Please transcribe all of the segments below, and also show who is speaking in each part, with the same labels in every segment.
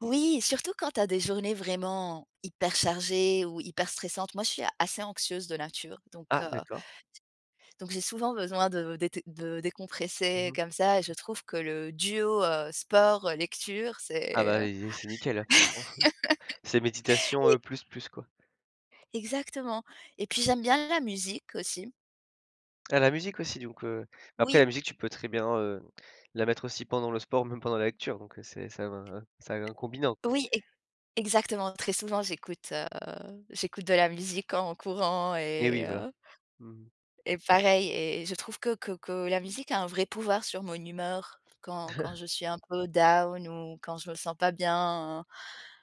Speaker 1: Oui, surtout quand tu as des journées vraiment hyper chargées ou hyper stressantes. Moi, je suis assez anxieuse de nature, donc,
Speaker 2: Ah,
Speaker 1: heu
Speaker 2: d'accord.
Speaker 1: donc j'ai souvent besoin de dété de
Speaker 2: Mmh
Speaker 1: décompresser
Speaker 2: mh.
Speaker 1: comme ça. Je trouve que le duo, heu, sport, lecture,
Speaker 2: Ah
Speaker 1: c'est,
Speaker 2: bah
Speaker 1: heu,
Speaker 2: et zé c'est nickel hein franchement. C'est méditation,
Speaker 1: e
Speaker 2: heu, plus, plus quoi.
Speaker 1: exactement et puis j'aime bien la musique, aussi.
Speaker 2: Tu as la musique aussi, donc, heu, mais après
Speaker 1: Oui.
Speaker 2: la musique tu peux très bien, heu, la mettre aussi pendant le sport, même pendant la lecture donc, heu, c'est ça vient ça un combinant, quoi.
Speaker 1: Oui. E exactement. Très souvent, j'écoute, heu, j'écoute de la musique en courant
Speaker 2: Et oui,
Speaker 1: et
Speaker 2: voilà.
Speaker 1: heu
Speaker 2: Mmh.
Speaker 1: et pareil et et je trouve que que que la musique a un vrai pouvoir sur mon humeur, quand quand je suis un peu down ou quand je me sens pas bien.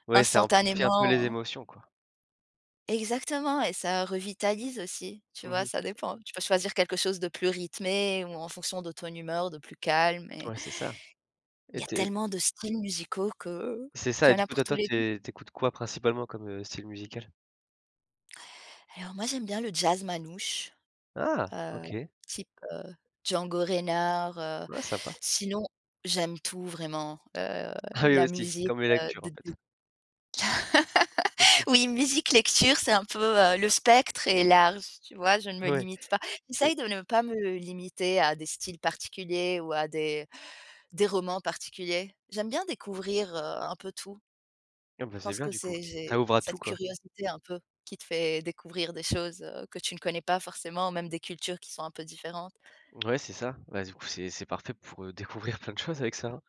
Speaker 2: Ouais, ça amplifie un peu les
Speaker 1: Instantanément.
Speaker 2: émotions, quoi.
Speaker 1: Exactement et ça revitalise aussi, tu
Speaker 2: Mmh
Speaker 1: vois?
Speaker 2: mh.
Speaker 1: Ça dépend. Tu peux choisir quelque chose de plus rythmé ou en fonction de ton humeur, de plus calme et
Speaker 2: Ouais, c'est ça
Speaker 1: il
Speaker 2: et
Speaker 1: y a
Speaker 2: tu é
Speaker 1: tellement de styles musicaux que
Speaker 2: C'est ça
Speaker 1: qu'il
Speaker 2: et
Speaker 1: y en
Speaker 2: du
Speaker 1: a
Speaker 2: coup
Speaker 1: pour
Speaker 2: toi
Speaker 1: tous
Speaker 2: toi,
Speaker 1: les goûts.
Speaker 2: t'é t'écoutes quoi principalement comme, heu, style musical?
Speaker 1: Alors moi j'aime bien le jazz manouche,
Speaker 2: Ah!
Speaker 1: heu,
Speaker 2: OK.
Speaker 1: type, heu, Django Reinhardt, heu,
Speaker 2: Ouais, sympa.
Speaker 1: sinon, j'aime tout vraiment, heu,
Speaker 2: Ah, oui,
Speaker 1: la
Speaker 2: aussi.
Speaker 1: musique,
Speaker 2: Comme les
Speaker 1: heu,
Speaker 2: lectures,
Speaker 1: de
Speaker 2: en fait.
Speaker 1: d oui, musique, lecture, c'est un peu, heu le spectre est large, tu vois? Je ne me
Speaker 2: Oui.
Speaker 1: limite pas.
Speaker 2: Tu es
Speaker 1: J'essaye de ne pas me limiter à des styles particuliers, ou à des des romans particuliers. J'aime bien découvrir, heu, un peu tout.
Speaker 2: Ah bah,
Speaker 1: Je
Speaker 2: c'est
Speaker 1: pense
Speaker 2: bien
Speaker 1: que
Speaker 2: du coup.
Speaker 1: c'est
Speaker 2: Ça
Speaker 1: j'ai
Speaker 2: ouvre à tout,
Speaker 1: cette
Speaker 2: quoi.
Speaker 1: curiosité un peu qui te fait découvrir des choses, heu, que tu ne connais pas forcément, même des cultures qui sont un peu différentes.
Speaker 2: Ouais, c'est ça. Bah, du coup, c'est c'est parfait pour, heu, découvrir plein de choses avec ça, hein.